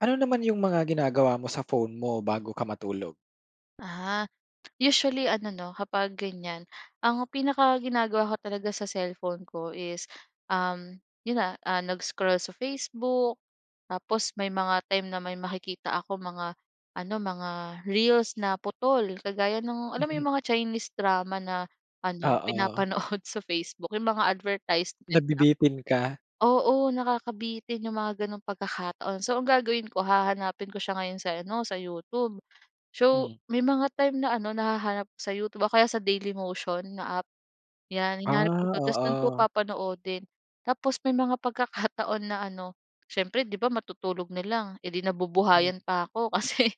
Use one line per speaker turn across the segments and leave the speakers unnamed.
Ano naman yung mga ginagawa mo sa phone mo bago ka matulog?
Ah, usually ano 'no, kapag ganyan, ang pinakaginagawa ko talaga sa cellphone ko is, um, 'yon na, ah, nag-scroll sa Facebook. Tapos may mga time na may makikita ako mga ano, mga reels na putol, kagaya nung, alam mo
Mm.
yung mga Chinese drama na ano,
Oo.
pinapanood sa Facebook, yung mga advertisement nila
Nabibitin ka.
oo, nakakabitin yung mga gano'ng pagkakataon. So, ang gagawin ko, hahanapin ko siya ngayon sa ano, sa YouTube. So,
Hmm.
may mga time na ano, nahahanap ko sa YouTube o kaya sa Daily Motion na app, 'yan.
Ah,
Hinahanap ko do'n, tapos do'n ko
oo.
papanoodin. Tapos may mga pagkakataon na ano, syempre 'di ba matutulog na lang, eh 'di
Hmm.
nabubuhayan pa ako kasi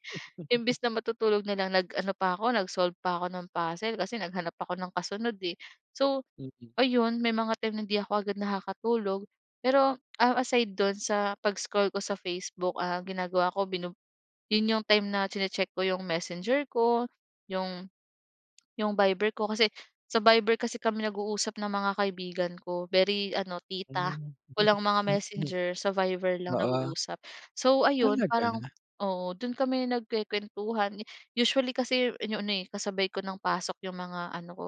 imbes na matutulog na lang, nag-ano pa ako, nag-solve pa ako ng puzzle, kasi naghanap ako ng kasunod eh. So,
Mm.
ayun, may mga time na 'di ako agad nakakatulog, pero, um, aside do'n sa pag-scroll ko sa Facebook, ang ginagawa ko binu 'yon yung time na chine-check ko yung Messenger ko, yung yung Viber ko. Kasi sa viber kasi kami nag-uusap ng mga kaibigan ko, very ano tita.
Hmm.
Walang mga Messenger, sa Viber lang
Oo.
nag-uusap. So, ayun, parang
Talaga?
oo, do'n kami nagkukwentuhan. Usually kasi yan yung ano eh, kasabay ko ng pasok yung mga ano ko,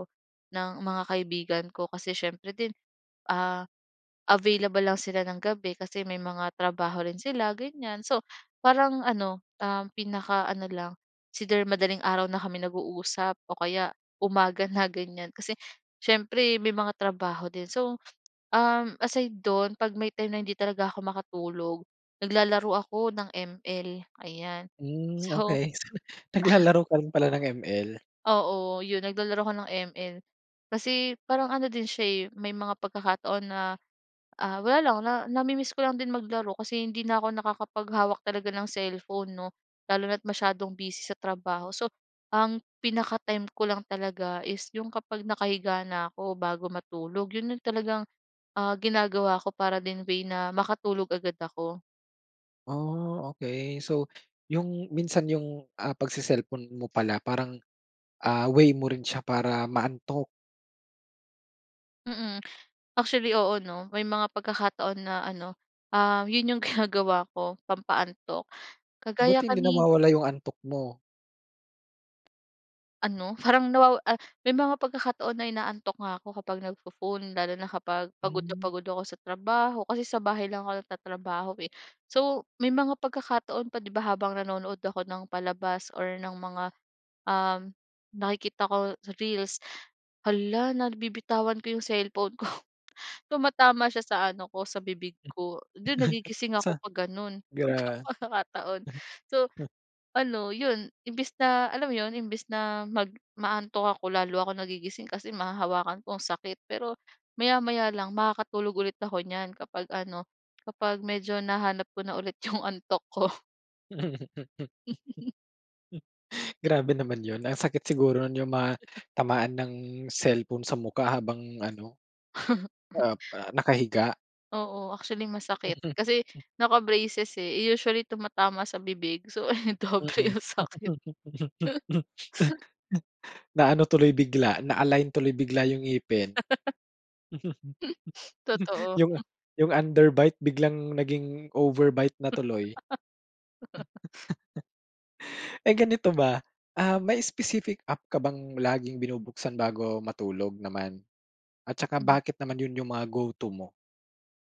ng mga kaibigan ko. Kasi syempre din, ah, available lang sila ng gabi, kasi may mga trabaho rin sila, ganyan. So, parang ano, um, pinakaano lang, either madaling araw na kami nag-uusap o kaya umaga na ganyan. Kasi syempre may mga trabaho din. So, um, aside do'n, 'pag may time na hindi talaga ako makatulog, naglalaro ako ng ML, ayan.
Hmm,
So
okey. Naglalaro ka rin pala ng ML.
Oo, 'yon, naglalaro ako ng ML. Kasi parang ano din siya eh, may mga pagkakataon na, ah, wala lang na nami-miss ko lang din maglaro kasi hindi na ako nakakapaghawak talaga ng cellphone 'no, lalo na't masyadong busy sa trabaho. So, ang pinaka-time ko lang talaga is yung kapag nakahiga na 'ko bago matulog, 'yon yung talagang, ah, ginagawa ko para din way na makatulog agad ako.
Oh, okey. So, yung minsan yung, ah, pagce-cellphone mo pala, parang, ah, way mo rin siya para maantok.
Mm. Actually, oo, ‘no, may mga pagkakataon na ano, ah, yun yung ginagawa ko, pampaantok, kagaya
Buti, hindi
kani
nawawala yung antok mo?
Ano, parang, nawa ah, may mga pagkakataon na inaantok nga ako kapag nagpo-phone, lalo na kapag pagod na
Hmm.
pagod ako sa trabaho. Kasi sa bahay lang ako nagtatrabaho, eh. So, may mga pagkakataon pa, ‘di ba, habang nanonood ako ng palabas, or ng mga, um, nakikita ko sa reels, halla, nabibitawan ko yung cellphone ko, tumatama siya sa ano ko, sa bibig
Hmm.
ko. Dun, nagigising
Sa
ako pag gano’n mga
gra
pagkakataon. So
[unintelligible]
ano, yun, imbes na alam mo yun, imbes na mag ma-aantok ako, lalo ako nagigising, kasi mahahawakan ko, ang sakit. Pero, maya-maya lang, makakatulog ulit ako ‘nyan kapag ano, kapag medyo nahanap ko na ulit yung antok ko.
Grabe naman ‘yon. Ang sakit siguro ‘yong matamaan ng cellphone sa mukha, habang ano, ah, pa nakahiga.
Oo, actually masakit,
Mhm,
kasi
hmm.
naka-braces, eh. Eh usually tumatama sa bibig. So ayon, doble
Mm.
yung sakit.
Naano tuloy bigla, na-align tuloy bigla yung ngipin.
Totoo,
Yung
hmm.
yung underbite biglang naging overbite na tuloy. [unintelligible] Eh, ganito ba, ah, may specific app ka bang laging binubuksan bago matulog naman? At tsaka
Hmm.
bakit naman yun yung mga go to mo?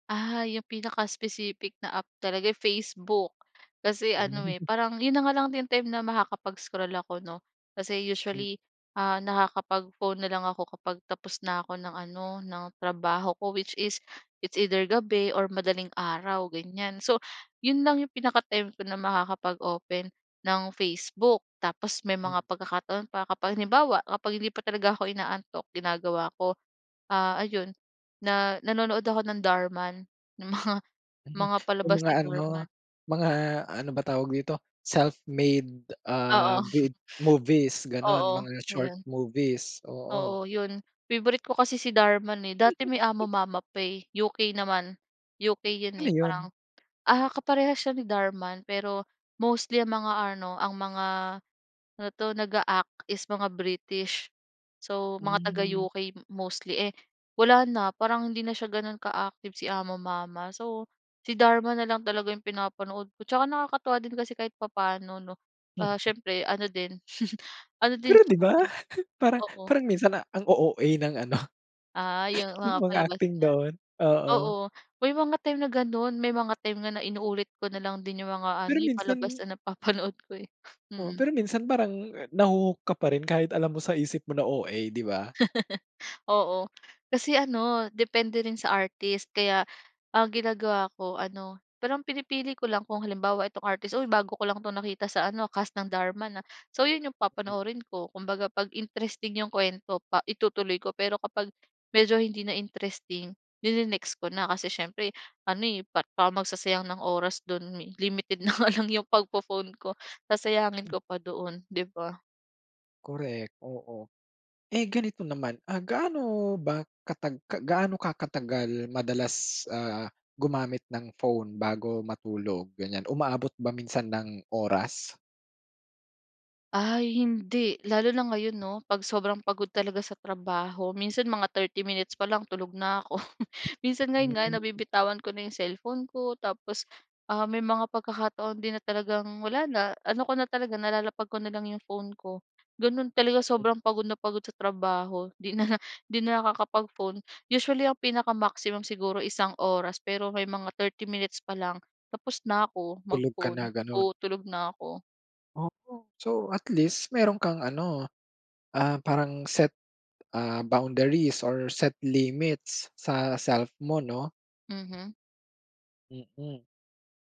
Ah, yung pinaka-specific na app talaga, eh, Facebook. Kasi ano, eh,
Hmm.
parang yun na nga lang din time na makakapag-scroll ako, 'no? Kasi
Hmm.
usually, ah, nakakapag-phone na lang ako kapag tapos na ako ng ano, ng trabaho ko, which is, it's either gabi or madaling araw ganyan. So, yun lang yung pinaka-time ko na makakapag-open, ng Facebook. Tapos may
Hmm.
mga pagkakataon pa, kapag halimbawa, kapag hindi pa talaga ako inaantok, ginagawa ko, ah, ayon, na nanonood ako ng Dhar Mann, ng mga
Hmm.
mga
Yung
palabas
mga
ni Dhar
ano,
Mann.
mga ano ba tawag dito? Self-made,
Oo.
ah, vid movies, ganun.
Oo,
Mga short
'yon.
movies, oo.
Oo, 'yon. Favorite ko kasi si Dhar Mann eh. Dati may AmoMama pa eh, UK naman. UK 'yon,
Ano
eh,
yun?
parang, ah, kaparehas siya ni Dhar Mann, pero mostly ang mga ano ang mga, ano 'to? Nag-a-act is mga British. So, mga
Hmm.
taga-UK mostly, eh, wala na, parang hindi na siya gano'n ka-active si AmoMama. So, si Dhar Mann na lang talaga yung pinapanood ko. Tsaka nakakatuwa din kasi kahit papaano, 'no? Ah, siyempre ano
[unintelligible]
din ano din
Pero,
siya
'di ba,
kasi
parang
oo.
parang minsan, ang O OA ng ano,
Ah, yung
yung
mga
mga
palabas
acting
niya.
doon, oo.
Oo. May mga time na ganun, may mga time nga na inuulit ko na lang din yung mga ano,
Pero
eh, palabas
minsan
na napapanood ko, eh.
oo,
Mm.
pero minsan parang, naho-hook ka pa rin kahit alam mo sa isip mo na OA, di ba?
Oo, kasi ano, depende rin sa artist. Kaya ang ginagawa ko ano pero ang pinipili ko lang kung halimbawa, itong artist, "Uy, bago ko lang 'tong nakita sa ano, cast ng Dhar Mann, ah." So, yun yung
Hmm.
papanoorin ko. Kumbaga 'pag interesting yung kuwento pa itutuloy ko. Pero kapag medyo hindi na interesting, ni-ne-next ko na, kasi siyempre ano, eh, pa parang magsasayang ng oras do'n mi limited na nga lang 'yong pagpo-phone ko, sasayangin
[unintelligible]
ko pa doon, 'di ba?
Correct, oo. Eh ganito naman, ah, gaano ba katag gaano ka katagal madalas, ah, gumamit ng phone bago matulog ganyan, umaabot ba minsan ng oras?
Ay, hindi. Lalo na ngayon 'no, 'pag sobrang pagod talaga sa trabaho. Minsan mga 30 minutes pa lang, tulog na ako. Minsan ngayon nga
Hmm.
nabibitawan ko na 'yong cellphone ko tapos, ah, may mga pagkakataon din na talagang wala na, ano ko na talaga, nalalapag ko na lang 'yong phone ko. Gano'n talaga,
Mm.
sobrang pagod na pagod sa trabaho, 'di na 'di na nakakapag-phone. Usually, ang pinaka-maximum siguro, isang oras pero may mga 30 minutes pa lang, tapos na ako,
Tulog ka na,
mag-phone.
ganun?
Oo, tulog na ako.
Ooh. So, at least meron kang ano, ah, parang set, ah, boundaries or set limits, sa self mo 'no?
Mhm.
Mm.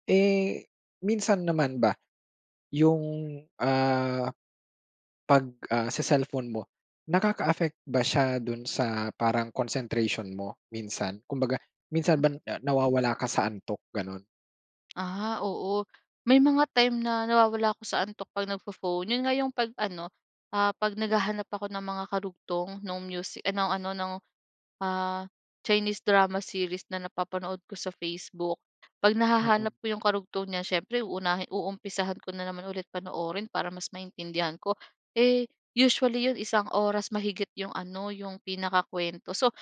Eh, minsan naman ba, yung, ah, 'pag, ah, se-cellphone mo, nakaka-affect ba siya dun sa, parang concentration mo minsan? Kumbaga, minsan ba
Hmm.
nawawala ka sa antok, ganun?
Ah, oo, may mga time na p nawawala ako sa antok 'pag nagpho-phone. Yun nga yung 'pag ano, ah, 'pag naghahanap ako ng mga karugtong nung musi ah, ng ano, ng, ah, Chinese drama series na napapanood ko sa Facebook. 'Pag nahahanap
Mm.
ko yung karugtong niya siyempre uunahin uumpisahan ko na naman ulit panoorin para mas maintindihan ko. Eh, usually 'yon isang oras mahigit yung ano, yung pinakakuwento. So,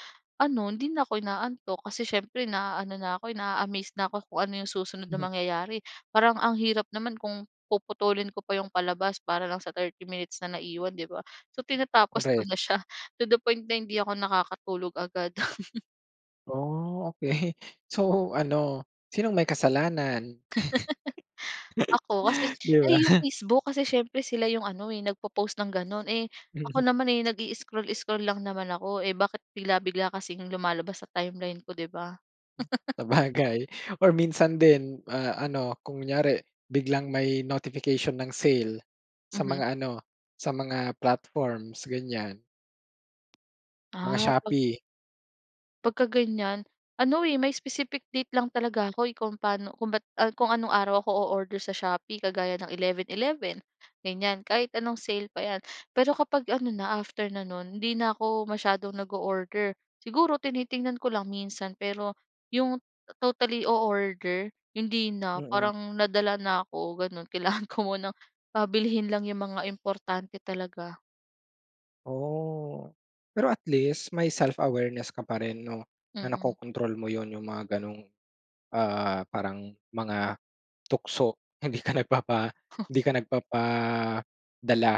ano, hindi na ako inaantok kasi siyempre naano na ako, naa-amazed na ako kung ano yung susunod na
Mhm.
mangyayari. Parang ang hirap naman kung puputulin ko pa yung palabas para lang sa 30 minutes na naiwan, 'di ba? So, tinatapos ko
Korek.
na siya to the point na hindi ako nakakatulog agad.
Oh, okey. So, ano, sinong may kasalanan?
Oh, kasi
'Di
ay, yung
ba?
Facebook. Kasi syempre sila yung ano eh, nagpo-post ng ganun. Eh, ako
Mhm.
naman, eh nag-i-scroll-scroll lang naman ako. Eh, bakit bigla-bigla kasing lumalabas sa timeline ko, di ba?
Sabagay or minsan din, ah, ano, kunyari biglang may notification ng sale sa
Mhm.
mga ano, sa mga platforms, ganyan. Mga
Ah, 'pag
Shopee.
'Pag ka ganiyan, ano eh, may specific date lang talaga ako eh, kung paano kung ba't ah, kung anong araw ako oorder sa Shopee kagaya ng 11/11, ganiyan. Kahit anong sale pa 'yan. Pero kapag ano na, after na nun, hindi na ako masyadong nag-oorder. Siguro tinitingnan ko lang minsan, pero yung totally oorder, hindi na.
Mm.
Parang nadala na ako gano'n, kailangan ko munang, ah, bilhin lang yung mga importante talaga.
Oh, pero at least may self-awareness ka pa rin 'no, na
Mm.
nakokontrol mo yun, yung mga gano'ng, ah, parang mga tukso. Hindi ka nagpapa hindi ka nagpapadala.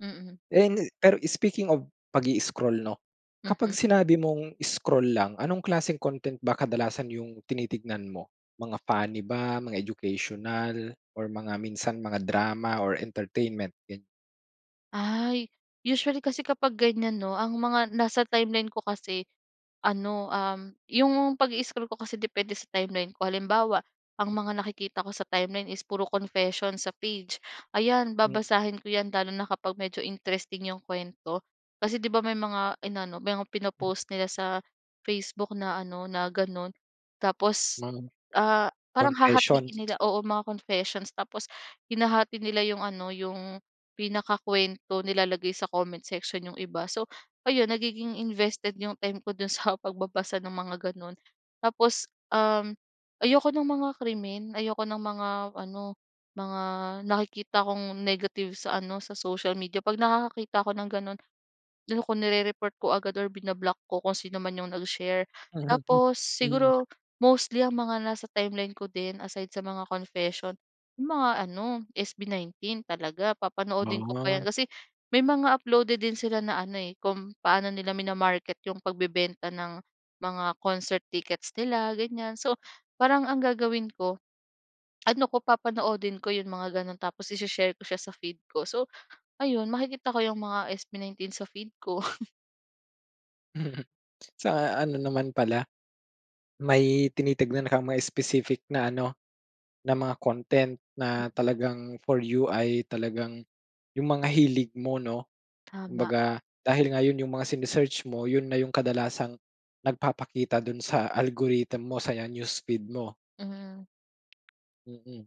Mm.
And, pero speaking of pag-i-scroll 'no, kapag
Mhm.
sinabi mong scroll lang, anong klaseng content ba kadalasan yung tinitignan mo? Mga funny ba? Mga educational or mga minsan, mga drama or entertainment, ganyan.
Ay, usually kasi kapag ganiyan 'no, ang mga nasa timeline ko kasi ano, um, yung pag-i-scroll ko kasi depende sa timeline ko. Halimbawa, ang mga nakikita ko sa timeline is puro confession sa page. Ayan,
Mm.
babasahin ko 'yan lalo na kapag medyo interesting yung kuwento, kasi di ba may mga inano, mga pino-post nila sa Facebook na ano, na ganun. Tapos,
Mga
ah, parang hahatin
confessions.
nila. Oo, mga confessions. Tapos hinahati nila yung ano, yung pinakakuwento, nilalagay sa comment section yung iba. So, ayun nagiging invested yung time ko dun sa pagbabasa ng mga ganun. Tapos, um, ayoko nung mga krimen, ayoko ng mga ano, mga nakikita kong negative sa ano, sa social media. 'Pag nakakakita ako ng ganun, ano ko, nirereport ko agad or bina-block ko kung sinoman yung nag-share. Tapos
Mm.
siguro mostly ang mga nasa timeline ko din aside sa mga confession, yung mga ano, SB19 talaga. Papanoodin ko pa yan.
Oh.
Kasi may mga uploaded din sila na ano eh, kung paano nila mina-market yung pagbebenta ng mga concert tickets nila, ganiyan. So, parang ang gagawin ko, ano ko, papanoodin ko yung mga ganun. Tapos ishe-share ko siya sa feed ko. So ayun, makikita ko yung mga SB19 sa feed ko.
Sa ano naman pala, may tinitignan kang may specific na ano, na mga content na talagang, for you ay talagang, yung mga hilig mo 'no.
Tama.
Kumbaga, dahil nga yon yung mga sine-search mo, yun na yung kadalasang, nagpapakita dun sa algorithm mo sa newsfeed mo.
Mm.
Mm.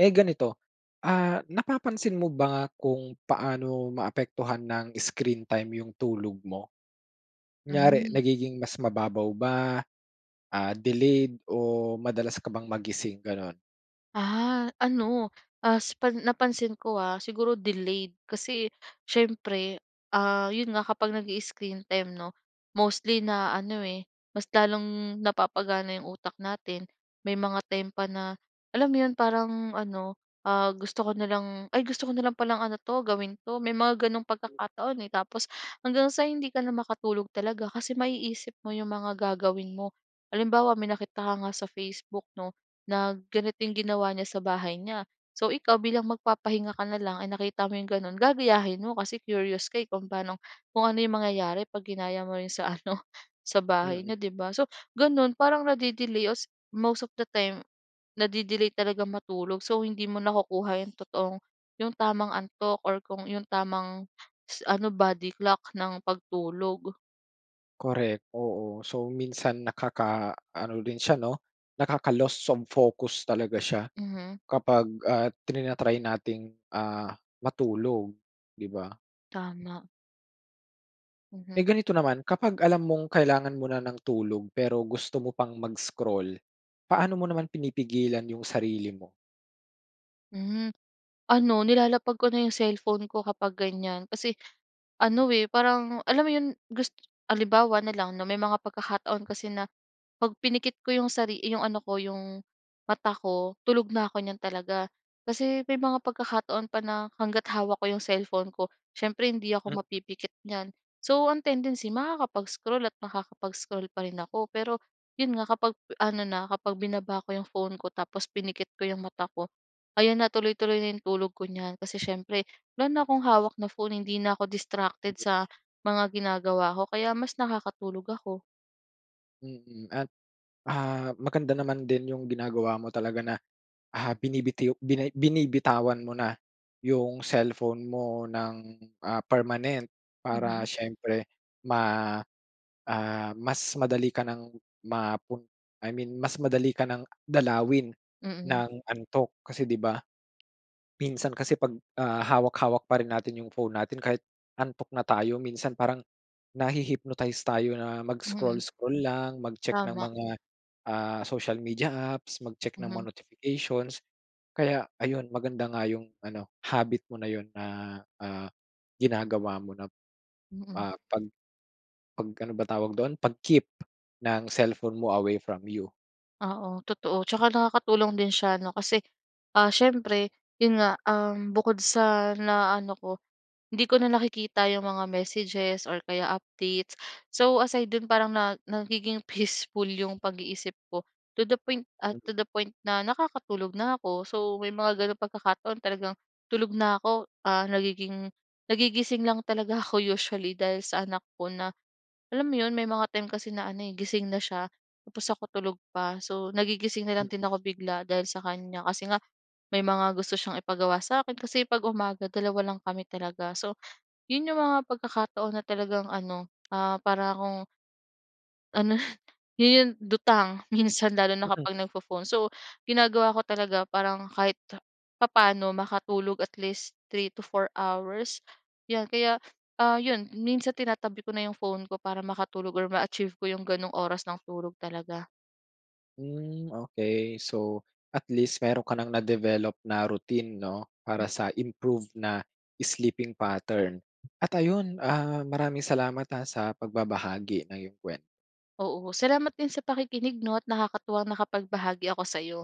Eh, ganito, ah, napapansin mo ba kung paano maapektuhan ng screen time yung tulog mo? Kunyari
Mm.
nagiging mas mababaw ba, ah, delayed o madalas ka bang magising ganun?
Ah, ano, as pa napansin ko ah, siguro delayed kasi siyempre, ah, yon nga kapag nag-i-screen time 'no, mostly na ano, eh, mas lalong napapagana 'yong utak natin, may mga time pa na, alam mo 'yon, parang ano ah, gusto ko na lang, "Ay gusto ko na lang palang ano 'to, gawin 'to", may mga ganong
Mm.
pagkakataon eh, tapos hanggang sa hindi ka na makatulog talaga, kasi maiisip mo 'yong mga gagawin mo. Halimbawa, may nakita ka nga sa Facebook 'no, na ganito yung ginawa niya sa bahay niya. So, ikaw bilang magpapahinga ka na lang ay nakita mo 'yong gano'n, gagayahin mo kasi curious ka eh, kung paano, kung ano mangyayari pag ginaya mo rin sa ano, sa bahay
Mm.
n'yo, 'di ba? So, gano'n, parang nade-delay os most of the time, nade-delay talagang matulog, so hindi mo nakukuha yung totoong, yung tamang antok, or kung yung tamang ano, body clock ng pagtulog.
Correct, oo. So, minsan nakaka-ano rin siya 'no, nakaka-lost of focus talaga siya
Mhm.
kapag ah, tina-try nating ah, matulog, di ba?
Tama.
Eh,
Mhm.
ganito naman, kapag alam mong kailangan mo na ng tulog pero gusto mo pang mag-scroll paano mo naman pinipigilan yung sarili mo?
Hmm, ano nilalapag ko na 'yong cellphone ko kapag ganyan. Kasi ano eh, parang alam mo 'yon gus halimbawa na lang 'no may mga pagkakataon kasi na 'pag pinikit ko 'yong sari 'yong ano ko 'yong mata ko tulog na ako niyan talaga. Kasi may mga pagkakataon pa na, hangga't hawak ko 'yong cellphone ko siyempre hindi ako
Mm.
mapipikit niyan, so ang tendency makakapag-scroll at makakapag-scroll pa rin ako. Pero yun nga, kapag ano na kapag binaba ko 'yong phone ko tapos pinikit ko 'yong mata ko, ayan na tuloy-tuloy na yung tulog ko niyan, kasi siyempre wala na akong hawak na phone hindi na ako distracted sa mga ginagawa ko kaya mas nakakatulog ako.
Mm, at, ah, maganda naman din yung ginagawa mo talaga na, ah, binibitiw binay binibitawan mo na yung cellphone mo ng, ah, permanent. Para
Mhm.
siyempre ma, ah, mas madali ka nang mapun I mean, mas madali ka ng dalawin
Mm.
ng antok. Kasi, 'di ba, minsan kasi 'pag, ah, hawak-hawak pa rin natin yung phone natin kahit antok na tayo, minsan parang, nahi-hypnotize tayo na mag
Mhm.
scroll-scroll lang, mag-check ng
Tama.
mga, ah, social media apps, mag check ng mga
Mhm.
notifications. Kaya ayun, maganda nga yung ano habit mo na yun na, ah, ginagawa mo na,
Mm.
ah, 'pag, 'pag ano ba tawag dun 'pag keep ng cellphone mo, away from you.
Oo, totoo. Tsaka nakakatulong din siya, 'no? Kasi, ah, siyempre yun nga, um, bukod sa na-ano ko, hindi ko na nakikita yung mga messages or kaya updates. So, aside doon parang na nagiging peaceful yung pag-iisip ko. To the point ah,
Mm.
to the point, na nakakatulog na ako. So, may mga gano'ng pagkakataon talagang tulog na ako. Ah, nagiging nagigising lang talaga ako usually, dahil sa anak ko. Na, alam mo yun, may mga time kasi na ano, eh, gising na siya, tapos, ako tulog pa. So, nagigising na lang din
Mm.
ako bigla dahil sa kanya. Kasi nga, may mga gusto siyang ipagawa sa akin. Kasi, 'pag umaga dalawa lang kami talaga. So, yun yung mga pagkakataon na talagang ano, ah, para 'kong, ano yun yung lutang minsan, lalo na
Mm.
kapag nagfo-phone. So, ginagawa ko talaga, parang kahit ta papaano makatulog. At least, three to four hours, 'yan. Kaya, yon minsan tinatabi ko na yung phone ko para makatulog or ma-achieve ko yung ganong oras ng tulog talaga.
Hmm, okey. So, at least, meron ka ng na-develop na routine, no? Para,
Hmm.
sa improve na sleeping pattern. At ayun, ah, maraming salamat, ah, sa pagbabahagi ng 'yong kuwento.
Oo, salamat din sa pakikinig 'no, at nakakatuwang nakapagbahagi ako sa'yo.